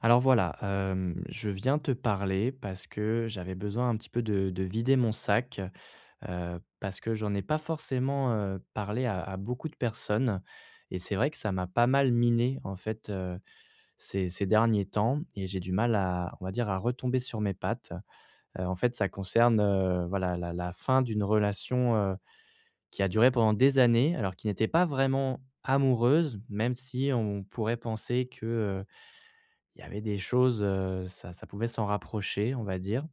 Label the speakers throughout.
Speaker 1: Alors, voilà, hem, je viens te parler parce que j'avais besoin un petit peu de de vider mon sac, heu, parce que j'en ai pas forcément, heu, parlé à à beaucoup de personnes et c'est vrai que ça m'a pas mal miné, en fait, heu, ces ces derniers temps et j'ai du mal à, on va dire, à retomber sur mes pattes. Heu, en fait, ça concerne, heu, voilà, la la fin d'une relation, heu, qui a duré pendant des années, alors qui n'était pas vraiment amoureuse, même si on pourrait penser que, heu, il y avait des choses, heu, ça ça pouvait s'en rapprocher, on va dire.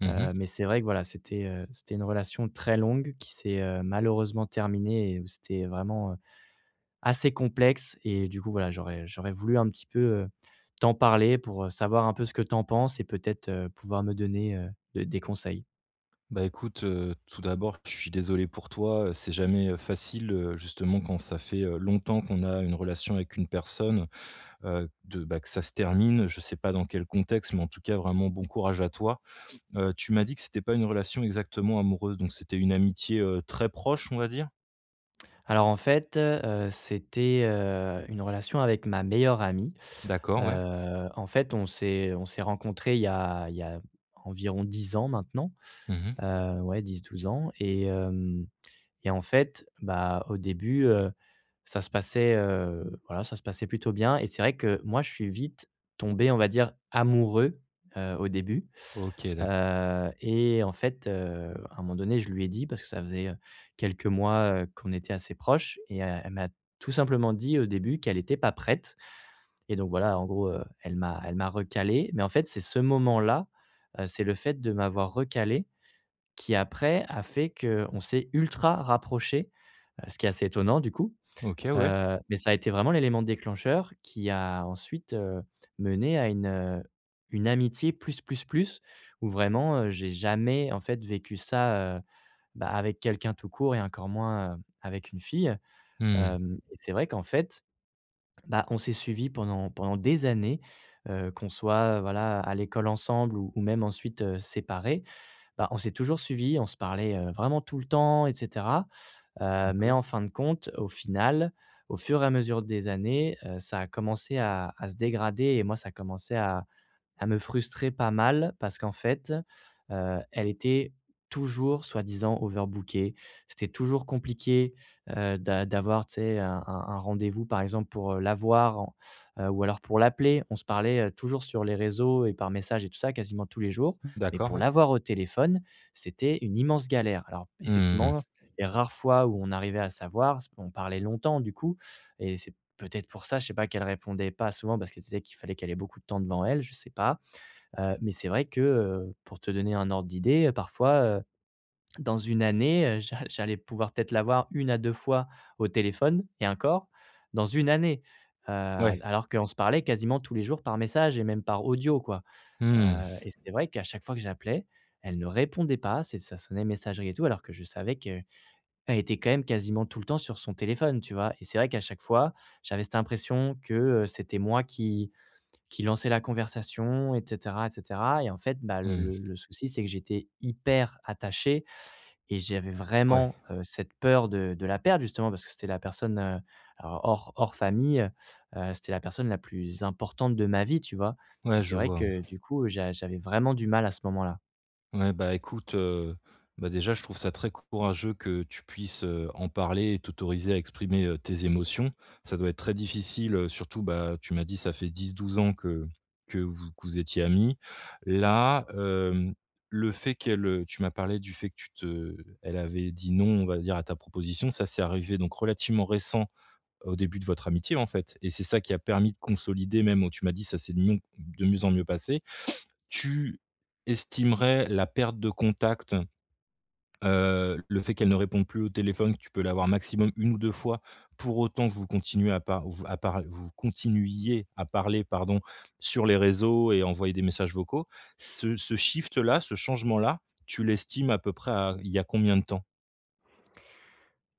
Speaker 2: Mmh mh.
Speaker 1: Heu, mais c'est vrai que voilà, c'était, heu, c'était une relation très longue qui s'est, heu, malheureusement terminée et où c'était vraiment, heu, assez complexe et du coup, voilà, j'aurais j'aurais voulu un petit peu, heu, t'en parler pour, heu, savoir un peu ce que tu en penses et peut-être, heu, pouvoir me donner, heu, de des conseils.
Speaker 2: Bah, écoute, heu, tout d'abord, je suis désolé pour toi. Heu, c'est jamais, heu, facile, heu, justement, quand ça fait, heu, longtemps qu'on a une relation avec une personne, heu, de bah, que ça se termine. Je sais pas dans quel contexte, mais en tout cas vraiment, bon courage à toi. Heu, tu m'as dit que c'était pas une relation exactement amoureuse, donc c'était une amitié, heu, très proche, on va dire?
Speaker 1: Alors en fait, heu, c'était, heu, une relation avec ma meilleure amie.
Speaker 2: D'accord, ouais.
Speaker 1: Heu, en fait, on s'est on s'est rencontrés, il y a il y a environ 10 ans maintenant,
Speaker 2: Mmh mh.
Speaker 1: heu, ouais, 10-12 ans et hem et en fait, bah, au début, heu, ça se passait, heu, voilà, ça se passait plutôt bien et c'est vrai que moi je suis vite tombé, on va dire, amoureux, heu, au début,
Speaker 2: OK, d'ac
Speaker 1: heu et en fait, heu, à un moment donné, je lui ai dit parce que ça faisait, heu, quelques mois, heu, qu'on était assez proches et elle m'a tout simplement dit au début qu'elle était pas prête et donc voilà, en gros, heu, elle m'a elle m'a recalé mais en fait, c'est ce moment-là. C'est le fait de m'avoir recalé qui après a fait qu'on s'est ultra rapprochés. Heu, ce qui est assez étonnant du coup,
Speaker 2: OK, ouais.
Speaker 1: heu, mais ça a été vraiment l'élément déclencheur qui a ensuite, heu, mené à une, heu, une amitié plus plus plus où vraiment, heu, j'ai jamais, en fait, vécu ça, heu, bah, avec quelqu'un tout court et encore moins, heu, avec une fille.
Speaker 2: Mmh.
Speaker 1: Hem, c'est vrai qu'en fait, bah, on s'est suivis pendant pendant des années, heu, qu'on soit, heu, voilà à l'école ensemble ou ou même ensuite, heu, séparés. Bah, on s'est toujours suivis. On se parlait, heu, vraiment tout le temps et cetera, heu, mais en
Speaker 2: D'accord.
Speaker 1: fin de compte au final, au fur et à mesure des années, heu, ça a commencé à à se dégrader et moi ça a commencé à à me frustrer pas mal parce qu'en fait, heu, elle était toujours soi-disant overbookée. C'était toujours compliqué, heu, d'a d'avoir, tu sais? Un un un rendez-vous, par exemple, pour la voir, heu, ou alors pour l'appeler. On se parlait, heu, toujours sur les réseaux et par message et tout ça quasiment tous les jours, mais
Speaker 2: D'accord,
Speaker 1: pour
Speaker 2: ouais.
Speaker 1: l'avoir au téléphone, c'était une immense galère. Alors
Speaker 2: Mmh mh, mmh.
Speaker 1: effectivement, les rares fois où on arrivait à s'avoir, c on parlait longtemps du coup et c'est peut-être pour ça, je sais pas qu'elle répondait pas souvent parce que ce qu'elle se disait qu'il fallait qu'elle ait beaucoup de temps devant elle, je sais pas, heu, mais c'est vrai que, heu, pour te donner un ordre d'idée, parfois, heu, dans 1 année, heu, j'a j'allais pouvoir peut-être l'avoir 1 à 2 fois au téléphone et encore dans 1 année, heu,
Speaker 2: Ouais.
Speaker 1: alors qu'on se parlait quasiment tous les jours par message et même par audio, quoi. Heu
Speaker 2: Mmh.
Speaker 1: et c'est vrai qu'à chaque fois que j'appelais, elle ne répondait pas. C'est ça sonnait, messagerie et tout alors que je savais qu'elle était quand même quasiment tout le temps sur son téléphone, tu vois? Et c'est vrai qu'à chaque fois, j'avais cette impression que, heu, c'était moi qui qui lançait la conversation et cetera et cetera et en fait, bah, le
Speaker 2: Mmh.
Speaker 1: le le souci c'est que j'étais hyper attaché et j'avais
Speaker 2: Ouais.
Speaker 1: vraiment, heu, cette peur de de la perdre justement parce que c'était la personne, heu, hors hors famille, heu, c'était la personne la plus importante de ma vie, tu vois? Et
Speaker 2: Ouais,
Speaker 1: c'est
Speaker 2: je
Speaker 1: vrai
Speaker 2: vois, ouais.
Speaker 1: que du coup j'a j'avais vraiment du mal à ce moment-là.
Speaker 2: Ouais, bah écoute, heu, bah déjà, je trouve ça très courageux que tu puisses, heu, en parler et t'autoriser à exprimer, heu, tes émotions. Ça doit être très difficile, heu, surtout, bah tu m'as dit ça fait 10-12 ans que que vous que vous étiez amis. Là, hem, le fait qu'elle, heu, tu m'as parlé du fait que tu te elle avait dit: «Non», on va dire à ta proposition, ça, c'est arrivé donc relativement récent au début de votre amitié, en fait et c'est ça qui a permis de consolider même, heu, tu m'as dit: «Ça c'est mion de mieux en mieux passer». Tu estimerais la perte de contact, heu, le fait qu'elle ne réponde plus au téléphone, tu peux l'avoir maximum 1 ou 2 fois, pour autant que vous continuez à par vous à par vous continuiez à parler, pardon, sur les réseaux et envoyer des messages vocaux. Ce ce shift -là, ce changement-là, tu l'estimes à peu près à il y a combien de temps?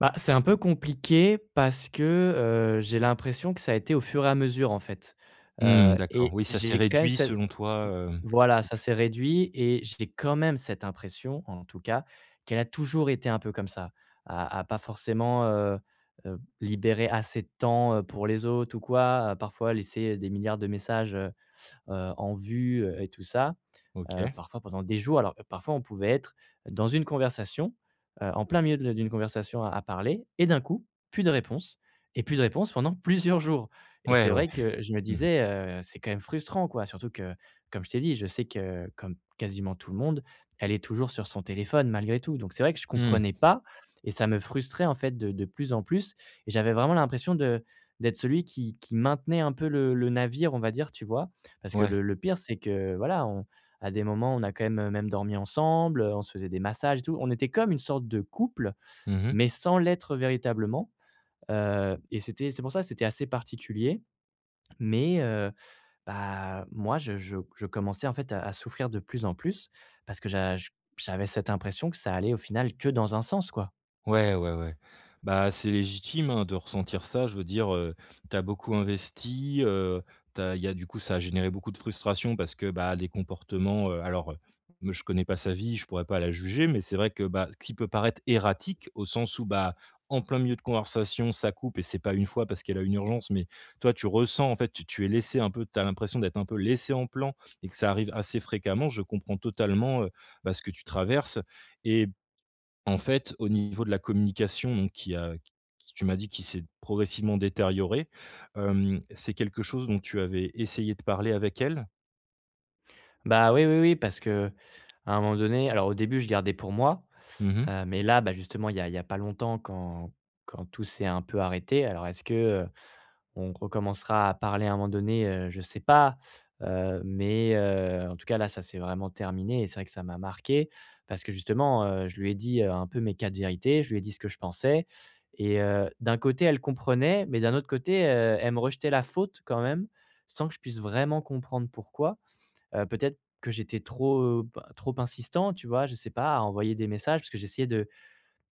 Speaker 1: Bah c'est un peu compliqué parce que, heu, j'ai l'impression que ça a été au fur et à mesure, en fait.
Speaker 2: Mmh
Speaker 1: Heu,
Speaker 2: d'accord,
Speaker 1: et
Speaker 2: oui, ça s'est
Speaker 1: j'ai quand même
Speaker 2: réduit
Speaker 1: cette, heu,
Speaker 2: selon toi, hem?
Speaker 1: voilà,
Speaker 2: Ou
Speaker 1: ça
Speaker 2: tu
Speaker 1: s'est réduit et j'ai quand même cette impression, en tout cas, qu'elle a toujours été un peu comme ça. À à pas forcément, heu heu, libérer assez de temps, heu, pour les autres ou quoi, à parfois laisser, heu, des milliards de messages, heu heu, en vue, heu, et tout ça, heu,
Speaker 2: OK.
Speaker 1: parfois pendant des jours. Alors parfois, on pouvait être dans une conversation, heu, en plein milieu de d'une conversation à parler et d'un coup, plus de réponse et plus de réponse pendant plusieurs jours et c'est
Speaker 2: Ouais, ouais.
Speaker 1: vrai que je me
Speaker 2: Mmh.
Speaker 1: disais, heu, c'est quand même frustrant, quoi, surtout que comme je t'ai dit, je sais que comme quasiment tout le monde, elle est toujours sur son téléphone malgré tout, donc c'est vrai que je
Speaker 2: Mmh.
Speaker 1: comprenais pas et ça me frustrait en fait de de plus en plus et j'avais vraiment l'impression de d'être celui qui qui maintenait un peu le le navire, on va dire, tu vois? Parce que
Speaker 2: Ouais.
Speaker 1: le le pire c'est que, voilà, on à des moments, on a quand même, même dormi ensemble, heu, on se faisait des massages et tout. On était comme une sorte de couple
Speaker 2: Mmh mh.
Speaker 1: mais sans l'être véritablement, heu, et c'était c'est pour ça que c'était assez particulier mais heu, bah moi je je je commençais en fait à à souffrir de plus en plus parce que j'a j'avais cette impression que ça allait au final que dans un sens, quoi.
Speaker 2: Ouais, ouais, ouais. Bah c'est légitime hein, de ressentir ça, je veux dire, heu, tu as beaucoup investi, heu, tu as il y a du coup ça a généré beaucoup de frustration parce que, bah, des comportements, heu, alors me je connais pas sa vie, je pourrais pas la juger mais c'est vrai que, bah, ce qui peut paraître erratique, au sens où, bah, en plein milieu de conversation, ça coupe et c'est pas 1 fois parce qu'elle a une urgence, mais toi tu ressens, en fait, t tu es laissé un peu tu as l'impression d'être un peu laissé en plan et que ça arrive assez fréquemment. Je comprends totalement, heu, bah ce que tu traverses et en fait, au niveau de la communication donc qui a qui tu m'as dit qui s'est progressivement détérioré, hem, c'est quelque chose dont tu avais essayé de parler avec elle?
Speaker 1: Bah, oui, oui, oui parce qu'à un moment donné alors au début je gardais pour moi,
Speaker 2: Mmh mh.
Speaker 1: heu, mais là, ben, justement il y a il y a pas longtemps quand quand tout s'est un peu arrêté. Alors est-ce que, heu, on recommencera à parler à un moment donné, heu, je sais pas, heu, mais, heu, en tout cas là, ça c'est vraiment terminé et c'est vrai que ça m'a marqué parce que justement, heu, je lui ai dit, heu, un peu mes quatre vérités, je lui ai dit ce que je pensais et heu, d'un côté, elle comprenait, mais d'un autre côté, heu, elle me rejetait la faute quand même. Sans que je puisse vraiment comprendre pourquoi. Heu, peut-être que j'étais trop, heu, p trop insistant tu vois? Je sais pas à envoyer des messages parce que j'essayais de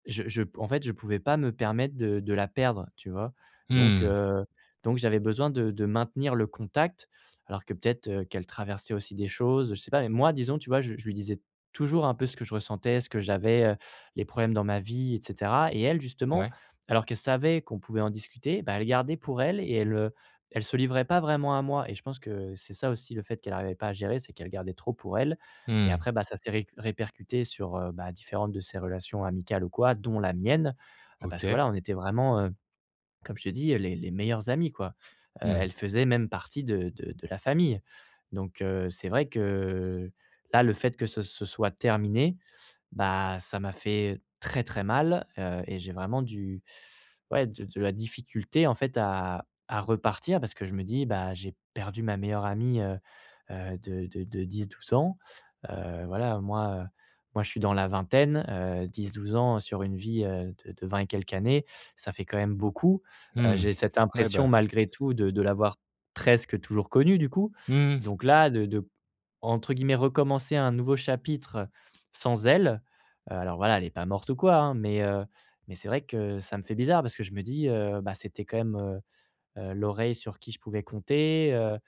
Speaker 1: je je p en fait, je pouvais pas me permettre de de la perdre, tu vois? Donc,
Speaker 2: Mmh.
Speaker 1: heu, donc j'avais besoin de de maintenir le contact alors que peut-être, heu, qu'elle traversait aussi des choses, je sais pas même moi disons tu vois? J je lui disais toujours un peu ce que je ressentais, ce que j'avais, heu, les problèmes dans ma vie et cetera et elle justement
Speaker 2: Ouais.
Speaker 1: alors qu'elle savait qu'on pouvait en discuter, ben, elle gardait pour elle et elle, heu, elle se livrait pas vraiment à moi et je pense que c'est ça aussi le fait qu'elle arrivait pas à gérer. C'est qu'elle gardait trop pour elle et
Speaker 2: Mmh.
Speaker 1: après, bah, ça s'est réc répercuté sur, heu, bah différentes de ces relations amicales ou quoi, dont la mienne, heu, parce que
Speaker 2: OK.
Speaker 1: voilà, on était vraiment, heu, comme je t'ai dit, heu, les les meilleurs amis quoi. Heu,
Speaker 2: Mmh.
Speaker 1: elle faisait même partie de de de la famille donc, heu, c'est vrai que là, le fait que, ce ce soit terminé, bah, ça m'a fait très très mal, heu et j'ai vraiment du ouais de de la difficulté, en fait, à à repartir parce que je me dis: «Bah j'ai perdu ma meilleure amie, heu heu, de de de 10-12 ans». Heu, voilà, moi, heu, moi je suis dans la vingtaine, heu, 10-12 ans sur une vie, heu, de de 20 et quelques années, ça fait quand même beaucoup. Heu,
Speaker 2: Mmh,
Speaker 1: j'ai cette
Speaker 2: ouais bah
Speaker 1: impression malgré tout de de l'avoir presque toujours connu, du coup,
Speaker 2: Mmh mh.
Speaker 1: donc là de de entre guillemets recommencer «un nouveau chapitre» sans elle, heu, alors voilà, elle est pas morte ou quoi hein mais, heu, mais c'est vrai que ça me fait bizarre parce que je me dis: «Heu, bah c'était quand même, heu heu, l'oreille sur qui je pouvais compter, heu heu,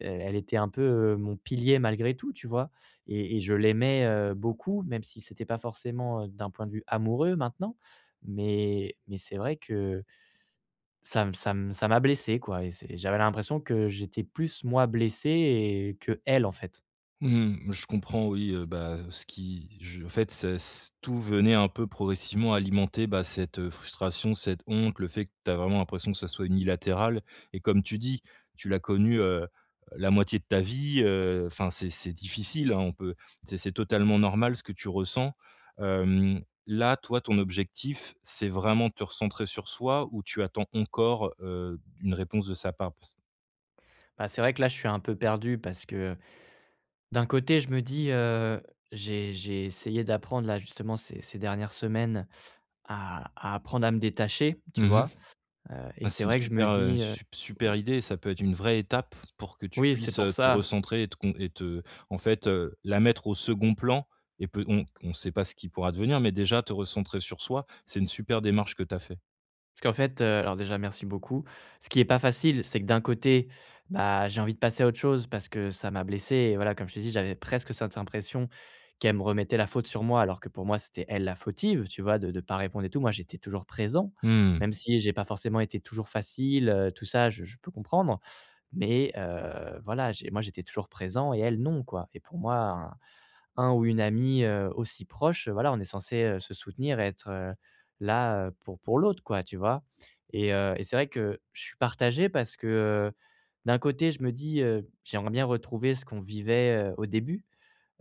Speaker 1: elle était un peu, heu, mon pilier malgré tout», tu vois? Et et je l'aimais, heu, beaucoup, même si c'était pas forcément d'un point de vue amoureux maintenant mais mais c'est vrai que ça m ça m ça m'a blessé quoi et c'est j'avais l'impression que j'étais plus moi blessé et qu'elle, en fait.
Speaker 2: Mmh, je comprends, oui, heu, bah, heu, ce qui je en fait, c'est s tout venait un peu progressivement alimenter bah cette, heu, frustration, cette honte, le fait que tu as vraiment l'impression que ça soit unilatéral et comme tu dis, tu l'as connu, heu heu, la moitié de ta vie, heu, enfin, c'est c'est difficile, hein, on peut c'est c'est totalement normal ce que tu ressens, hem, là, toi, ton objectif, c'est vraiment te recentrer sur soi ou tu attends encore, heu, une réponse de sa part? Parce
Speaker 1: Bah c'est vrai que là, je suis un peu perdu parce que d'un côté je me dis, heu, j'ai j'ai essayé d'apprendre là, justement ces ces dernières semaines à à apprendre à me détacher, tu
Speaker 2: Mmh mh.
Speaker 1: vois? Heu, et
Speaker 2: Ah
Speaker 1: c'est
Speaker 2: c'est une
Speaker 1: vrai que je me
Speaker 2: super, heu,
Speaker 1: dis, heu.
Speaker 2: sup super idée. Ça peut être une vraie étape pour que tu
Speaker 1: Oui, c'est
Speaker 2: puisses,
Speaker 1: pour
Speaker 2: heu, te
Speaker 1: ça.
Speaker 2: recentrer et te con et te en fait, heu, la mettre au 2d plan et pe on on sait pas ce qui pourra devenir, mais déjà te recentrer sur soi, c'est une super démarche que tu as fait.
Speaker 1: Parce qu'en fait, heu, alors déjà, merci beaucoup. Ce qui est pas facile, c'est que d'un côté, bah j'ai envie de passer à autre chose parce que ça m'a blessé et voilà, comme je t'ai dit j'avais presque cette impression qu'elle me remettait la faute sur moi alors que pour moi, c'était elle la fautive, tu vois? De de pas répondre et tout, moi, j'étais toujours présent,
Speaker 2: Mmh.
Speaker 1: même si j'ai pas forcément été toujours facile, heu, tout ça, je je peux comprendre, mais heu, voilà, j'ai moi j'étais toujours présent et elle, non, quoi et pour moi, un un ou une amie, heu, aussi proche, voilà, on est censés, heu, se soutenir et être là, heu, pour pour l'autre, quoi, tu vois? Et heu, et c'est vrai que je suis partagé parce que, heu, d'un côté, je me dis, heu, j'aimerais bien retrouver ce qu'on vivait, heu, au début,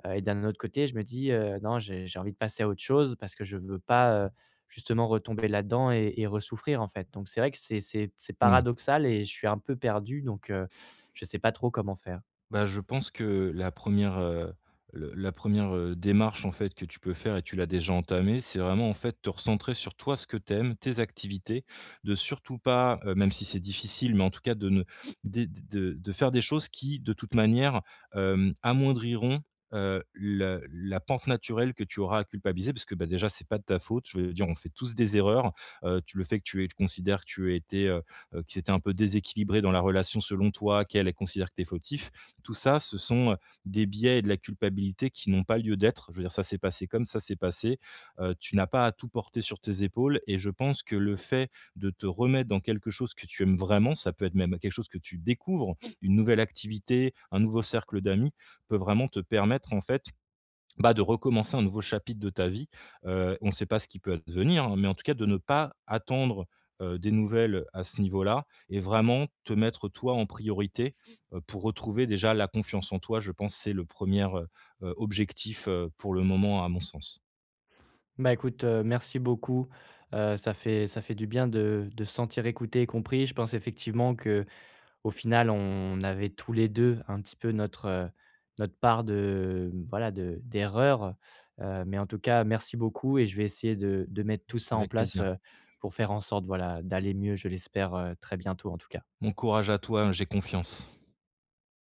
Speaker 1: heu, et d'un autre côté je me dis, heu, non, j'ai j'ai envie de passer à autre chose parce que je veux pas, heu, justement retomber là-dedans et et ressouffrir, en fait, donc c'est vrai que c'est c'est c'est
Speaker 2: Mmh.
Speaker 1: paradoxal et je suis un peu perdu donc heu, je sais pas trop comment faire.
Speaker 2: Bah, je pense que la 1re, heu, le la 1re heu, démarche, en fait, que tu peux faire et tu l'as déjà entamée, c'est vraiment, en fait, te recentrer sur toi ce que tu aimes, tes activités, de surtout pas, heu, même si c'est difficile, mais en tout cas de ne dé de de faire des choses qui, de toute manière, hem, amoindriront, heu, le la pente naturelle que tu auras à culpabiliser. Parce que, bah, déjà, c'est pas de ta faute, je veux dire on fait tous des erreurs. Heu, tu le fait que tu aies que tu considères que tu étais, heu, qui c'était un peu déséquilibré dans la relation selon toi, qu'elle, elle considère que tu es fautif. Tout ça, ce sont, heu, des biais et de la culpabilité qui n'ont pas lieu d'être. Je veux dire ça s'est passé comme ça s'est passé. Heu, tu n'as pas à tout porter sur tes épaules et je pense que le fait de te remettre dans quelque chose que tu aimes vraiment, ça peut être même quelque chose que tu découvres, une nouvelle activité, un nouveau cercle d'amis, peut vraiment te permettre en fait, bah, de recommencer un nouveau chapitre de ta vie. Heu, on sait pas ce qui peut advenir, hein, mais en tout cas de ne pas attendre, heu, des nouvelles, heu, à ce niveau-là et vraiment te mettre toi en priorité, heu, pour retrouver déjà la confiance en toi, je pense, c'est le 1re, heu, objectif pour le moment à mon sens.
Speaker 1: Bah, écoute, heu, merci beaucoup. Heu, ça fait ça fait du bien de de se sentir écouté et compris. Je pense effectivement qu'au final on avait tous les 2 un petit peu notre, heu, notre part de, mmh, voilà de d'erreurs. Heu, mais en tout cas merci beaucoup et je vais essayer de de mettre tout ça en
Speaker 2: Avec
Speaker 1: place,
Speaker 2: plaisir.
Speaker 1: heu, pour faire en sorte voilà, d'aller mieux, je l'espère, heu, très bientôt en tout cas.
Speaker 2: Bon courage à toi, hein, j'ai confiance.